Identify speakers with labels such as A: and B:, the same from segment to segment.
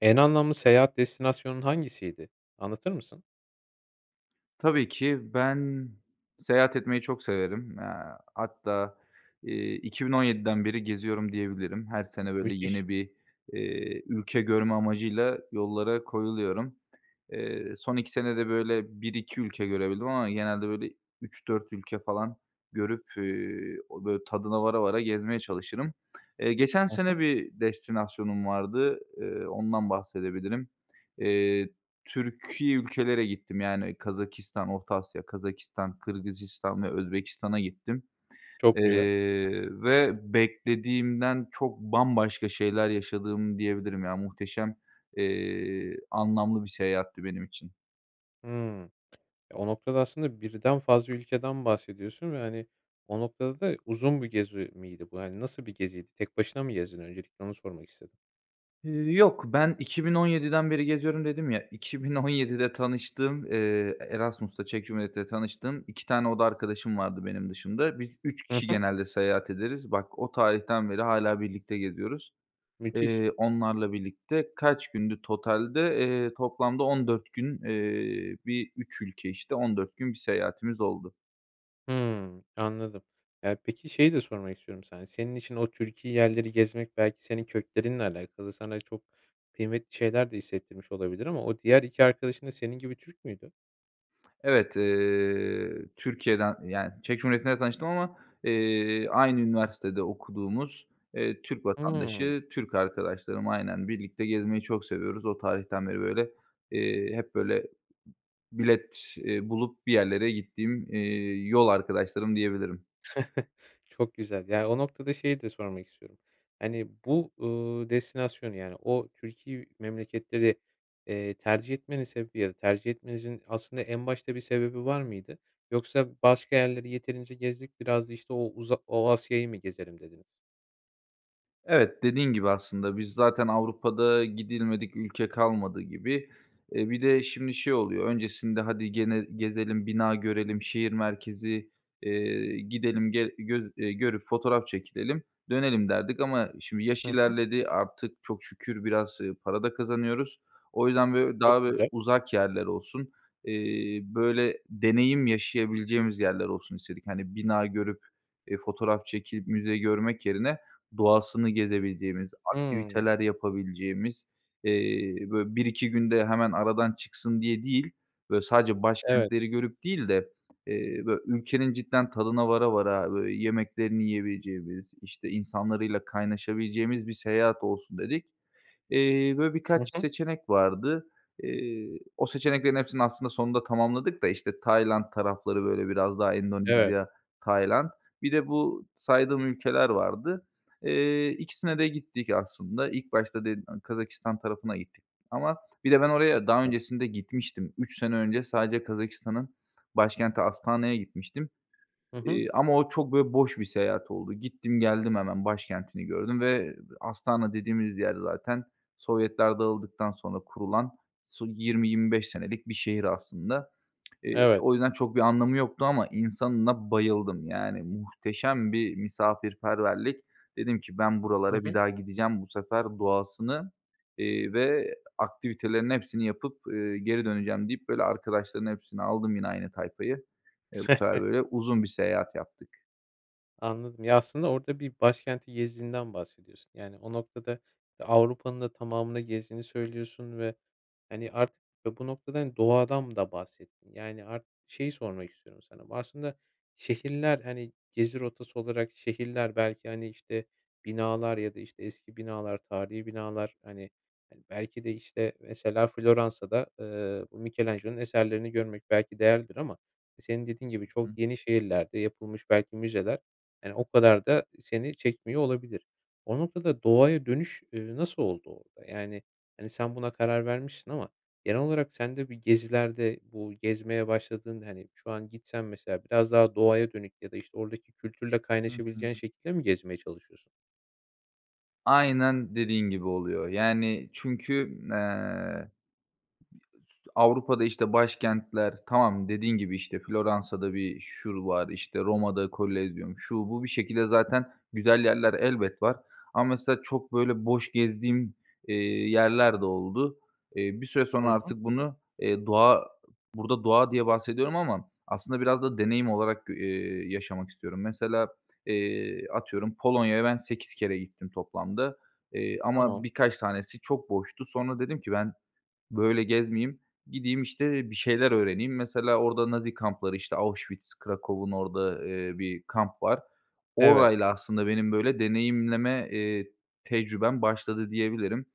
A: En anlamlı seyahat destinasyonun hangisiydi, anlatır mısın?
B: Tabii ki. Ben seyahat etmeyi çok severim. Eee, hatta, iii, 2017'den beri geziyorum diyebilirim. Her sene, böyle,
A: Müthiş.
B: yeni bir, iii, ülke görme amacıyla yollara koyuluyorum. Eee, son 2 senede böyle 1-2 ülke görebildim ama genelde, böyle, 3-4 ülke falan görüp, ııı, o böyle tadına vara vara gezmeye çalışırım. Eee, geçen
A: Hı hı.
B: sene bir destinasyonum vardı, ııı, ondan bahsedebilirim. Eee, Türki ülkelere gittim, yani, Kazakistan, Orta Asya, Kazakistan, Kırgızistan ve Özbekistan’a gittim.
A: Çok güzel.
B: Eee, ve beklediğimden çok bambaşka şeyler yaşadım diyebilirim. Ya, muhteşem, eee, anlamlı bir seyahatti benim için.
A: Hıı. O noktada, aslında, 1'den fazla ülkeden bahsediyorsun ve, hani, o noktada da uzun bir gezi miydi? Bu, hani, nasıl bir geziydi? Tek başına mı gezdin? Öncelikle onu sormak istedim.
B: Iıı, yok, ben 2017'den beri geziyorum dedim ya, 2017'de tanıştığım, ııı, Erasmus’ta, Çek Cumhuriyeti’nde tanıştığım 2 tane oda arkadaşım vardı benim dışımda. Biz 3
A: Hı
B: kişi
A: hı.
B: genelde seyahat ederiz. Bak, o tarihten beri hâlâ birlikte geziyoruz,
A: Müthiş.
B: eee, onlarla birlikte. Kaç gündü totalde? Eee, toplamda 14 gün, eee, bir, 3 ülke, işte, 14 gün bir seyahatimiz oldu.
A: Hımm. Anladım. Ya, peki, şeyi de sormak istiyorum sana. Senin için o Türki yerleri gezmek belki senin köklerinle alakalı. Sana çok kıymetli şeyler de hissettirmiş olabilir ama o diğer 2 arkadaşın da senin gibi Türk müydü?
B: Evet, eee, Türkiye'den, yani, Çek Cumhuriyeti'nde tanıştım ama, eee, aynı üniversitede okuduğumuz, eee, Türk
A: Hımm.
B: vatandaşı, Türk arkadaşlarım, aynen birlikte gezmeyi çok seviyoruz. O tarihten beri, böyle, eee, hep böyle, bilet, eee, bulup bir yerlere gittiğim, eee, yol arkadaşlarım diyebilirim.
A: Çok güzel. Ya, o noktada şeyi de sormak istiyorum. Hani, bu, uuu, destinasyonu, yani, o Türki memleketleri, eee, tercih etmenin sebebi ya da tercih etmenizin aslında en başta bir sebebi var mıydı? Yoksa başka yerleri yeterince gezdik, biraz da işte o uza o Asya'yı mı gezelim dediniz?
B: Evet, dediğin gibi aslında, biz zaten Avrupa’da gidilmedik ülke kalmadı gibi. Eee, bir de şimdi şey oluyor, öncesinde, hadi gene gezelim, bina görelim, şehir merkezi, eee, gidelim, ge göz eee, görüp fotoğraf çekilelim, dönelim derdik ama şimdi yaş
A: Hı hı.
B: ilerledi, artık çok şükür biraz, ııı, para da kazanıyoruz. O yüzden böy
A: Çok
B: daha bö
A: güzel.
B: uzak yerler olsun, eee, böyle, deneyim yaşayabileceğimiz yerler olsun istedik. Hani, bina görüp, eee, fotoğraf çekip müze görmek yerine doğasını gezebileceğimiz,
A: Hımm.
B: aktiviteler yapabileceğimiz, eee, böyle, 1-2 günde hemen aradan çıksın diye değil, böyle, sadece
A: Evet.
B: başkentleri görüp değil de, eee, bö ülkenin cidden tadına vara vara, böyle, yemeklerini yiyebileceğimiz, işte, insanlarıyla kaynaşabileceğimiz bir seyahat olsun dedik. Eee, böyle
A: Hı
B: birkaç
A: hı.
B: seçenek vardı. Eee, o seçeneklerin hepsini aslında sonunda tamamladık da, işte, Tayland tarafları, böyle, biraz daha
A: Evet.
B: Endonezya, Tayland. Bir de bu saydığım ülkeler vardı. Eee, 2'sine de gittik aslında. İlk başta [unintelligible] Kazakistan tarafına gittik ama bir de ben oraya daha
A: [unintelligible]
B: öncesinde gitmiştim. 3 sene önce sadece Kazakistan’ın başkenti Astana’ya gitmiştim,
A: Hı hı.
B: eee, ama o çok böyle boş bir seyahat oldu. Gittim, geldim hemen başkentini gördüm ve Astana dediğimiz yer zaten Sovyetler dağıldıktan sonra kurulan, su, 20-25 senelik bir şehir aslında. Eee,
A: Evet.
B: o yüzden çok bir anlamı yoktu ama insanına bayıldım. Yani, muhteşem bir misafirperverlik. Dedim ki ben
A: Hı
B: buralara bir
A: hı.
B: daha gideceğim, bu sefer doğasını, eee, ve aktivitelerin hepsini yapıp, eee, geri döneceğim deyip, böyle, arkadaşların hepsini aldım, yine aynı tayfayı. Eee, bu sefer, böyle, uzun bir seyahat yaptık.
A: Anladım. Ya, aslında orada bir başkenti gezdiğinden bahsediyorsun, yani, o noktada Avrupa'nın da tamamını gezdiğini söylüyorsun ve, hani, artık, ya, bu noktada, hani, doğadan da bahsettin. Yani, ar şeyi sormak istiyorum sana: Aslında şehirler, hani, gezi rotası olarak, şehirler belki, hani, işte, binalar ya da, işte, eski binalar, tarihî binalar, hani, hani, belki de işte mesela Floransa'da, eee, Michelangelo'nun eserlerini görmek belki değerlidir ama senin dediğin gibi
B: Hı.
A: çok yeni şehirlerde yapılmış belki müzeler, yani, o kadar da seni çekmiyor olabilir. O noktada doğaya dönüş, eee, nasıl oldu orada? Yani, hani, sen buna karar vermişsin ama genel olarak sen de bir gezilerde, bu gezmeye başladığın, hani, şu an gitsen mesela biraz daha doğaya dönük ya da işte oradaki kültürle
B: Hı
A: kaynaşabileceğin
B: hı.
A: şekilde mi gezmeye çalışıyorsun?
B: Aynen dediğin gibi oluyor. Yani çünkü, eee, [unintelligible] Avrupa'da, işte, başkentler, tamam, dediğin gibi, işte, Floransa'da bir şur var, işte, Roma'da Kolezyum, şu, bu... Bir şekilde zaten güzel yerler elbet var ama mesela çok, böyle, boş gezdiğim, eee, yerler de oldu. Eee, bir süre sonra
A: Hı hı.
B: artık bunu, eee, doğa, burada "doğa" diye bahsediyorum ama aslında biraz da deneyim olarak g eee, yaşamak istiyorum. Mesela, eee, atıyorum, Polonya'ya ben 8 kere gittim toplamda, eee, ama
A: Tamam.
B: birkaç tanesi çok boştu. Sonra dedim ki "Ben böyle gezmeyeyim, gideyim, işte, bir şeyler öğreneyim." Mesela orada Nazi kampları, işte, Auschwitz, Kraków’un orada, eee, bir kamp var.
A: Evet.
B: Orayla aslında benim, böyle, deneyimleme, eee, tecrübem başladı, diyebilirim.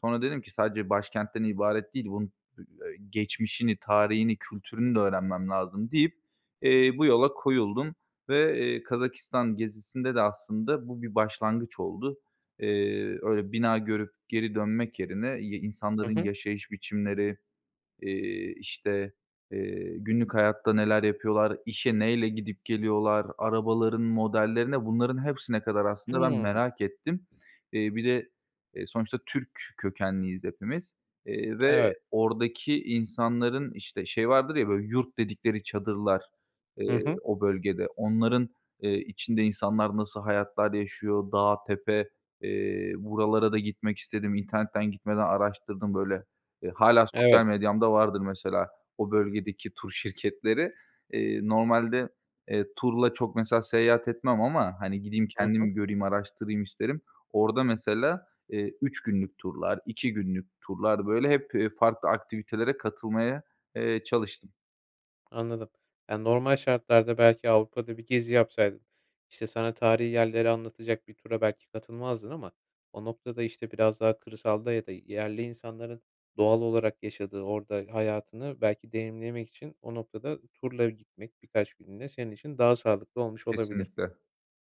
B: Sonra dedim ki "Sadece başkentten ibaret değil, bunun [unintelligible] geçmişini, tarihini, kültürünü de öğrenmem lazım." deyip, eee, bu yola koyuldum ve, eee, Kazakistan gezisinde de aslında bu bir başlangıç oldu. Eee, öyle, bina görüp geri dönmek yerine y
A: Hı
B: insanların
A: hı.
B: yaşayış biçimleri, eee, işte, eee, günlük hayatta neler yapıyorlar? İşe neyle gidip geliyorlar? Arabaların modellerine, bunların hepsine kadar, aslında, ben
A: Hımm.
B: merak ettim. Eee, bir de, eee, sonuçta Türk kökenliyiz hepimiz, eee, ve
A: Evet.
B: oradaki insanların, işte, şey vardır ya böyle, yurt dedikleri çadırlar,
A: Hı
B: eee,
A: hı.
B: o bölgede. Onların, eee, içinde insanlar nasıl hayatlar yaşıyor? Dağ, tepe, eee, buralara da gitmek istedim. İnternetten gitmeden araştırdım böyle. Eee, hâlâ
A: Evet.
B: sosyal medyamda vardır mesela o bölgedeki tur şirketleri. Eee, normalde, eee, turla çok, mesela, seyahat etmem ama, hani, gideyim,
A: Hı hı.
B: kendim göreyim, araştırayım isterim. Orada, mesela, eee, 3 günlük turlar, 2 günlük turlar, böyle hep, eee, farklı aktivitelere katılmaya, eee, çalıştım.
A: Anladım. Ya, normal şartlarda, belki Avrupa'da bir gezi yapsaydın, işte, sana tarihî yerleri anlatacak bir tura belki katılmazdın ama o noktada, işte, biraz daha kırsalda ya da yerli insanların doğal olarak yaşadığı, orada hayatını belki deneyimlemek için, o noktada turla gitmek, birkaç günlüğüne, senin için daha sağlıklı olmuş olabilir.
B: Kesinlikle.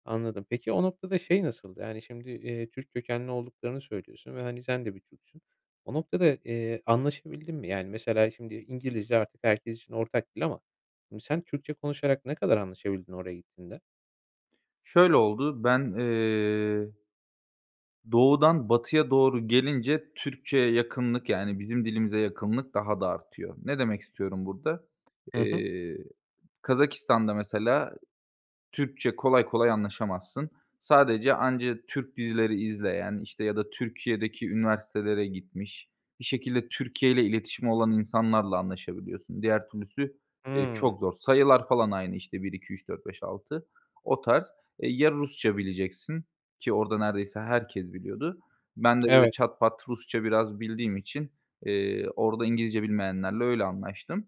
A: Anladım. Peki, o noktada şey nasıldı? Yani, şimdi, eee, Türk kökenli olduklarını söylüyorsun ve, hani, sen de bir Türksün. O noktada, eee, anlaşabildin mi? Yani, mesela, şimdi, İngilizce artık herkes için ortak dil ama, ım sen Türkçe konuşarak ne kadar anlaşabildin, oraya gittiğinde?
B: Şöyle oldu, ben eee doğudan batıya doğru gelince Türkçeye yakınlık, yani, bizim dilimize yakınlık daha da artıyor. Ne demek istiyorum burada?
A: Hı hı.
B: Eee, Kazakistan'da mesela, Türkçe kolay kolay anlaşamazsın. Sadece anca Türk dizileri izleyen, işte, ya da Türkiye'deki üniversitelere gitmiş, bir şekilde Türkiye ile iletişimi olan insanlarla anlaşabiliyorsun. Diğer türlüsü, eee,
A: Hımm.
B: çok zor. Sayılar falan aynı, işte, 1, 2, 3, 4, 5, 6 o tarz. E, ya, Rusça bileceksin, ki orada neredeyse herkes biliyordu. Ben de, böyle,
A: Evet.
B: çat pat Rusça biraz bildiğim için, eee, orada İngilizce bilmeyenlerle öyle anlaştım,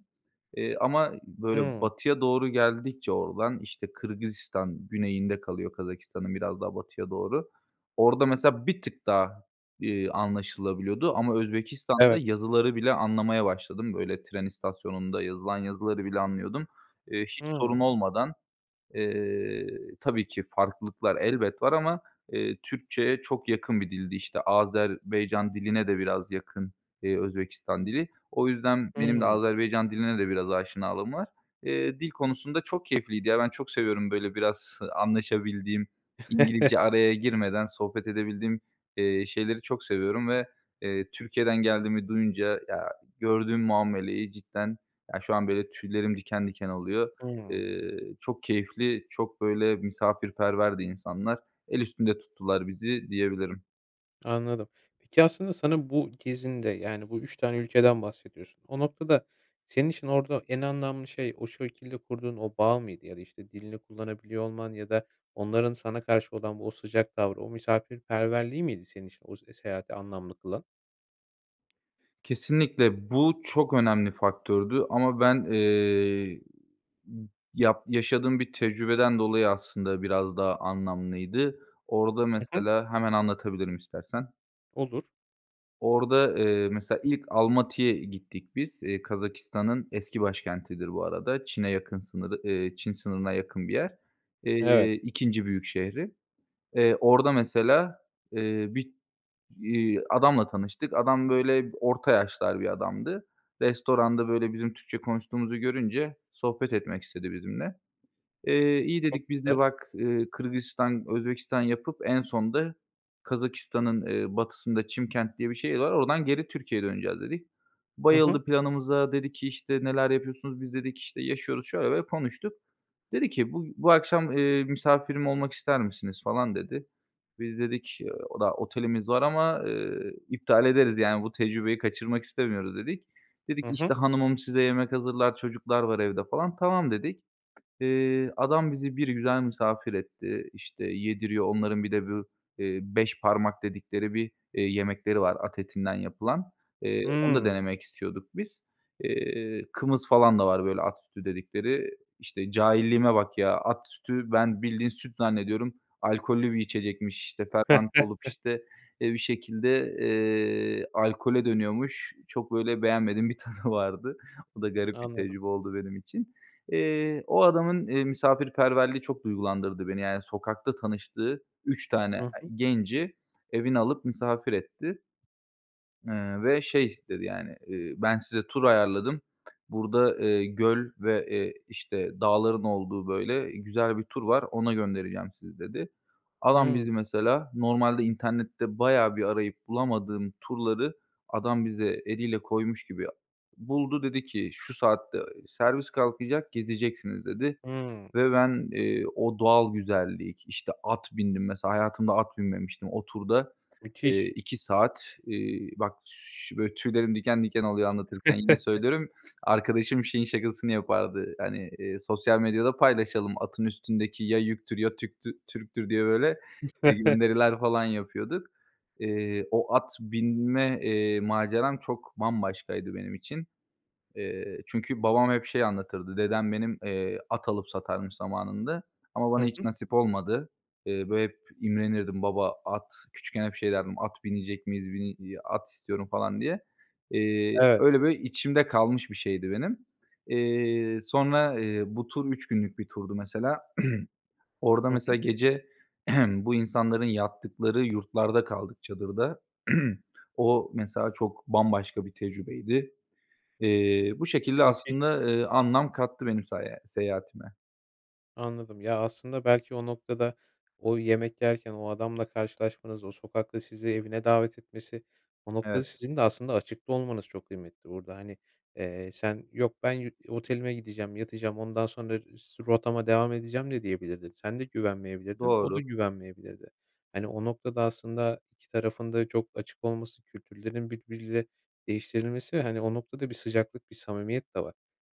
B: eee, ama, böyle,
A: Hımm.
B: batıya doğru geldikçe, oradan, işte, Kırgızistan güneyinde kalıyor, Kazakistan'ın biraz daha batıya doğru. Orada, mesela, bir tık daha, eee, anlaşılabiliyordu ama Özbekistan'da
A: Evet.
B: yazıları bile anlamaya başladım, böyle, tren istasyonunda yazılan yazıları bile anlıyordum. Eee, hiç sorun
A: Hımm.
B: olmadan, eee, tabii ki farklılıklar elbet var ama, eee, Türkçeye çok yakın bir dildi. İşte, Azerbaycan diline de biraz yakın, eee, Özbekistan dili. O yüzden benim de
A: Hımm.
B: Azerbaycan diline de biraz aşinalığım var. Eee, dil konusunda çok keyifliydi ya, ben çok seviyorum, böyle, biraz, ııı, anlaşabildiğim, İngilizce araya girmeden sohbet edebildiğim, eee, şeyleri çok seviyorum ve, eee, Türkiye'den geldiğimi duyunca, ya, gördüğüm muameleyi cidden, ya, şu an, böyle, tüylerim diken diken oluyor.
A: Hımm.
B: Eee, çok keyifli, çok, böyle, misafirperverdi insanlar. El üstünde tuttular bizi, diyebilirim.
A: Anladım. Peki aslında sana bu gezinde, yani bu 3 tane ülkeden bahsediyorsun. O noktada senin için orada en anlamlı şey, o şekilde kurduğun o bağ mıydı ya da işte dilini kullanabiliyor olman ya da onların sana karşı olan o sıcak tavrı, o misafirperverliği miydi senin için o s seyahati anlamlı kılan?
B: Kesinlikle bu çok önemli faktördü. Ama ben, eee, yap yaşadığım bir tecrübeden dolayı aslında biraz daha anlamlıydı. Orada
A: Hı hı.
B: mesela hemen anlatabilirim istersen.
A: Olur.
B: Orada, eee, mesela ilk Almatı'ya gittik biz, eee, Kazakistan'ın eski başkentidir bu arada, Çin'e yakın sınırı, eee, Çin sınırına yakın bir yer,
A: Evet.
B: eee, 2. büyük şehri. Eee, orada mesela, eee, bir, iii, adamla tanıştık. Adam böyle orta yaşlar bir adamdı. Restoranda böyle bizim Türkçe konuştuğumuzu görünce sohbet etmek istedi bizimle. Eee, iyi
A: Çok
B: dedik, biz de
A: güzel.
B: bak, eee, Kırgızistan, Özbekistan yapıp en sonda Kazakistan'ın, eee, batısında Çimkent diye bir şehir var, oradan geri Türkiye'ye döneceğiz dedik.
A: Hı hı.
B: Bayıldı planımıza, dedi ki işte neler yapıyorsunuz, dedi. Biz dedik işte yaşıyoruz, şöyle böyle diye konuştuk. Dedi ki, "Bu bu akşam, eee, misafirim olmak ister misiniz?" falan dedi. Biz dedik, eee, oda otelimiz var ama, eee, iptal ederiz, yani bu tecrübeyi kaçırmak istemiyoruz dedik. Dedi
A: Hı
B: ki,
A: hı.
B: işte, hanımım size yemek hazırlar, çocuklar var evde falan, tamam dedik. Eee, adam bizi bir güzel misafir etti, işte, yediriyor. Onların bir de bu, eee, beş parmak dedikleri bir, eee, yemekleri var at etinden yapılan. Eee, onu da
A: Hımm.
B: denemek istiyorduk biz. Eee, kımız falan da var böyle at sütü dedikleri. İşte, cahilliğime bak ya, at sütü ben bildiğin süt zannediyorum, alkollü bir içecekmiş, işte, fermente olup, işte, eee, bir şekilde, eee, alkole dönüyormuş. Çok böyle beğenmediğim bir tadı vardı. O da garip bir
A: Anladım.
B: tecrübe oldu benim için. Eee, o adamın, eee, misafirperverliği çok duygulandırdı beni, yani sokakta tanıştığı 3 tane ı
A: Hı hı.
B: genci evine alıp misafir etti. Iıı, ve şey dedi yani, eee, ben size tur ayarladım, burada, eee, göl ve, eee, işte, dağların olduğu böyle güzel bir tur var, ona göndereceğim sizi dedi. Adam
A: Hımm.
B: bizi, mesela normalde internette bayağı bir arayıp bulamadığım turları adam bize eliyle koymuş gibi buldu dedi ki, şu saatte servis kalkacak, gezeceksiniz dedi
A: Hımm.
B: ve ben, eee, o doğal güzellik, işte, at bindim mesela, hayatımda at binmemiştim. O turda, eee,
A: Müthiş.
B: 2 saat, eee, bak, ş böyle tüylerim diken diken oluyor anlatırken yine söylüyorum; arkadaşım şeyin şakasını yapardı, hani, eee, sosyal medyada paylaşalım "Atın üstündeki ya yüktür ya Türk'tü Türk'tür." diye, böyle, gönderiler falan yapıyorduk. Eee, o at binme, eee, maceram çok bambaşkaydı benim için. Eee, çünkü babam hep şey anlatırdı; dedem benim, eee, at alıp satarmış zamanında ama bana
A: Hı
B: hiç
A: hı.
B: nasip olmadı. Eee, böyle hep imrenirdim. Baba at, küçükken hep şey derdim "At binecek miyiz, bini i at istiyorum." falan diye. Eee,
A: Evet.
B: öyle böyle içimde kalmış bir şeydi benim. Eee, sonra, eee, bu tur 3 günlük bir turdu mesela. Orada
A: Hı
B: mesela
A: hı.
B: gece bu insanların yattıkları yurtlarda kaldık çadırda. O mesela çok bambaşka bir tecrübeydi. Eee, bu şekilde
A: Müthiş.
B: aslında, eee, anlam kattı benim saya seyahatime.
A: Anladım. Ya aslında belki o noktada o yemek yerken o adamla karşılaşmanız, o sokakta sizi evine davet etmesi, o noktada
B: Evet.
A: sizin de aslında açıkta olmanız çok kıymetli burada. Hani, eee, sen yok ben yü otelime gideceğim, yatacağım, ondan sonra su rotama devam edeceğim de diyebilirdin. Sen de güvenmeyebilirdin, o da
B: Doğru.
A: güvenmeyebilirdi. Hani, o noktada aslında iki tarafın da çok açık olması, kültürlerin birbiriyle değiştirilmesi ve, hani, o noktada bir sıcaklık, bir samimiyet de var.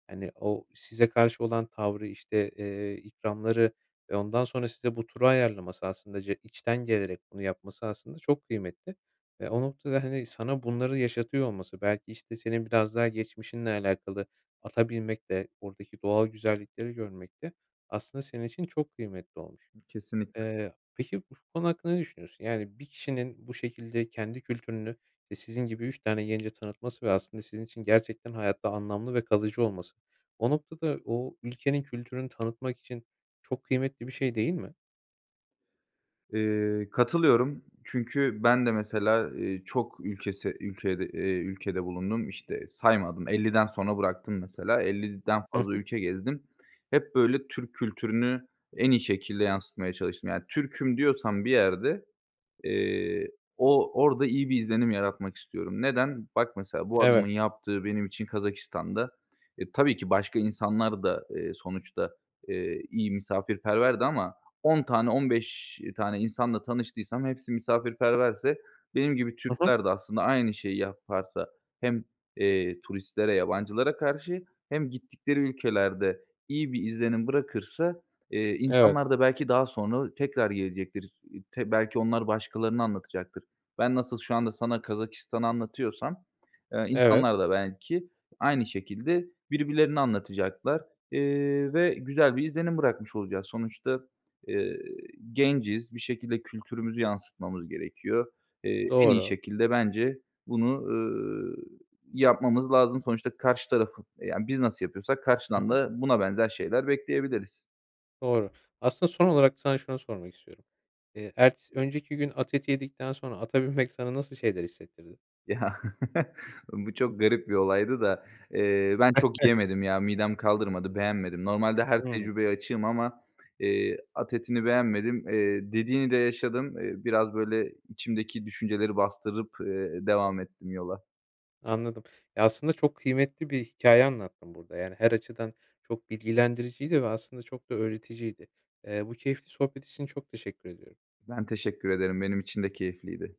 A: Hani, o size karşı olan tavrı, işte, eee, ikramları ve ondan sonra size bu turu ayarlaması aslında je içten gelerek bunu yapması aslında çok kıymetli, eee, o noktada hani sana bunları yaşatıyor olması, belki işte senin biraz daha geçmişinle alakalı ata binmek de, oradaki doğal güzellikleri görmek de aslında senin için çok kıymetli olmuş.
B: Kesinlikle.
A: Eee, peki bu konu hakkında ne düşünüyorsun? Yani bir kişinin bu şekilde kendi kültürünü, i sizin gibi 3 tane gence tanıtması ve aslında sizin için gerçekten hayatta anlamlı ve kalıcı olması. O noktada o ülkenin kültürünü tanıtmak için çok kıymetli bir şey değil mi?
B: Eee, katılıyorum, çünkü ben de, mesela, eee, çok ülkesi ülkede eee, ülkede bulundum. İşte, saymadım, 50'den sonra bıraktım, mesela, 50'den
A: Hı
B: fazla
A: hı.
B: ülke gezdim. Hep böyle Türk kültürünü en iyi şekilde yansıtmaya çalıştım. Yani, Türk’üm diyorsan bir yerde, eee, o orada iyi bir izlenim yaratmak istiyorum. Neden? Bak, mesela, bu adamın
A: Evet.
B: yaptığı benim için Kazakistan’da, e, tabii ki başka insanlar da, eee, sonuçta, eee, iyi misafirperverdi ama 10 tane, 15 tane insanla tanıştıysam hepsi misafirperverse benim gibi
A: Hı hı.
B: Türkler de aslında aynı şeyi yaparsa hem, eee, turistlere, yabancılara karşı hem gittikleri ülkelerde iyi bir izlenim bırakırsa, eee,
A: Evet.
B: insanlar da belki daha sonra tekrar gelecektir. [unintelligible] belki onlar başkalarına anlatacaktır. Ben nasıl şu anda sana Kazakistan’ı anlatıyorsam, eee,
A: Evet.
B: insanlar da belki aynı şekilde birbirlerine anlatacaklar, eee, ve güzel bir izlenim bırakmış olacağız. Sonuçta, eee, genciz, bir şekilde kültürümüzü yansıtmamız gerekiyor. Eee, en iyi
A: Doğru.
B: şekilde bence bunu, ııı, yapmamız lazım. Sonuçta karşı tarafı, yani, biz nasıl yapıyorsak
A: Hı
B: karşıdan
A: hı.
B: da buna benzer şeyler bekleyebiliriz.
A: Doğru. Aslında son olarak sana şunu sormak istiyorum. Eee, ertesi önceki gün at eti yedikten sonra ata binmek sana nasıl şeyler hissettirdi?
B: Ya, bu çok garip bir olaydı da. Eee, ben çok yiyemedim ya, midem kaldırmadı, beğenmedim. Normalde her
A: Hımm.
B: tecrübeye açığım ama, eee, at etini beğenmedim, eee, dediğini de yaşadım. Eee, biraz ,böyle, içimdeki düşünceleri bastırıp, eee, devam ettim yola.
A: Anladım. Ya, aslında, çok kıymetli bir hikâye anlattın burada. Yani, her açıdan çok bilgilendiriciydi ve aslında çok da öğreticiydi. Eee, bu keyifli sohbet için çok teşekkür ediyorum.
B: Ben teşekkür ederim, benim için de keyifliydi.